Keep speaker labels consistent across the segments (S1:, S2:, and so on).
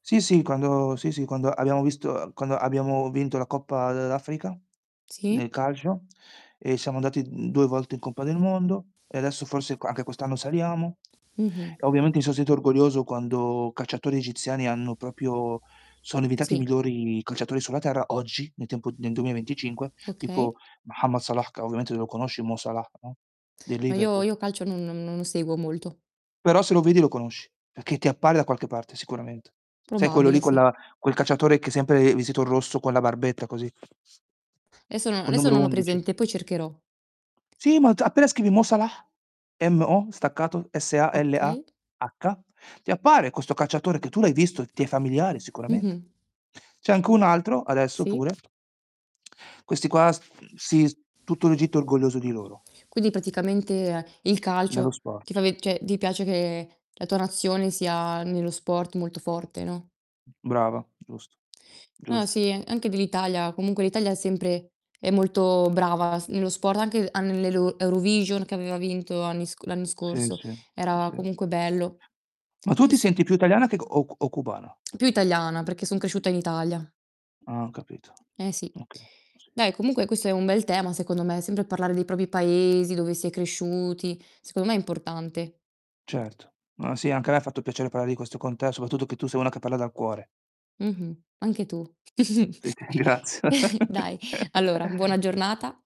S1: Sì, sì, quando sì, sì, quando abbiamo visto uhm, quando abbiamo vinto la Coppa dell'Africa nel
S2: Sì.
S1: calcio e siamo andati, mhmm, 2 volte in Coppa del Mondo e adesso forse c anche quest'anno saliamo.
S2: Mh-mh.
S1: Ovviamente mi so' sentito orgoglioso quando calciatori egiziani hanno proprio sono diventati i
S2: Sì.
S1: migliori calciatori sulla terra. Oggi nel tempo nel 2025, tipo
S2: Okay.
S1: Mohammed Salah, che ovviamente lo conosci Mo Salah, no, del
S2: Ma io
S1: Liverpool.
S2: io calcio non non non lo seguo molto.
S1: Però se lo vedi lo conosci, perché ti appare da qualche parte sicuramente. Sai quello lì
S2: Probabile,
S1: con
S2: sì.
S1: la quel calciatore che è sempre vestito in rosso con la barbetta così?
S2: Adesso no
S1: Col
S2: adesso
S1: numero
S2: non ho
S1: 11.
S2: presente, poi cercherò.
S1: Sì, ma t appena scrivi "Mo Salah", M-O, staccato
S2: Okay.
S1: S-A-L-A-H, ti appare questo calciatore che tu l'hai visto, ti è familiare sicuramente.
S2: Mh-mh.
S1: C'è anche un altro adesso pure
S2: Sì.
S1: questi qua s sì s tutto l'Egitto è orgoglioso di loro.
S2: Quindi praticamente il
S1: Nello
S2: calcio ti fa
S1: sport.
S2: ve cioè ti piace che la tua nazione sia nello sport molto forte, no?
S1: Brava, giusto.
S2: No,
S1: Giusto.
S2: sì, anche dell'Italia. Comunque l'Italia è sempre è molto brava s nello sport, anche a nell'elo Eurovision che aveva vinto anni sc l'anno
S1: Sì,
S2: scorso,
S1: sì.
S2: era
S1: Sì.
S2: comunque bello.
S1: Ma tu
S2: Più
S1: ti
S2: s
S1: senti più italiana che o c o cubana?
S2: Più italiana, perché son cresciuta in Italia.
S1: Ah, ho capito.
S2: Eh, sì.
S1: Okay. Sì,
S2: Dai,
S1: sì.
S2: comunque questo è un bel tema, secondo me, sempre a parlare dei propri paesi, dove si è cresciuti, secondo me è importante.
S1: Certo. No, sì, anche a me ha fatto piacere parlare di questo con te, soprattutto che tu sei una che parla dal cuore.
S2: Mh-mh, anche tu.
S1: Sì, graz
S2: Dai, allora, buona giornata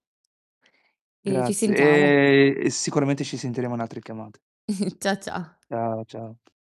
S2: e ci
S1: Grazie,
S2: sentiamo.
S1: ehm, e sicuramente ci sentiremo in altre chiamate.
S2: Cià, cià.
S1: Ciao, ciao.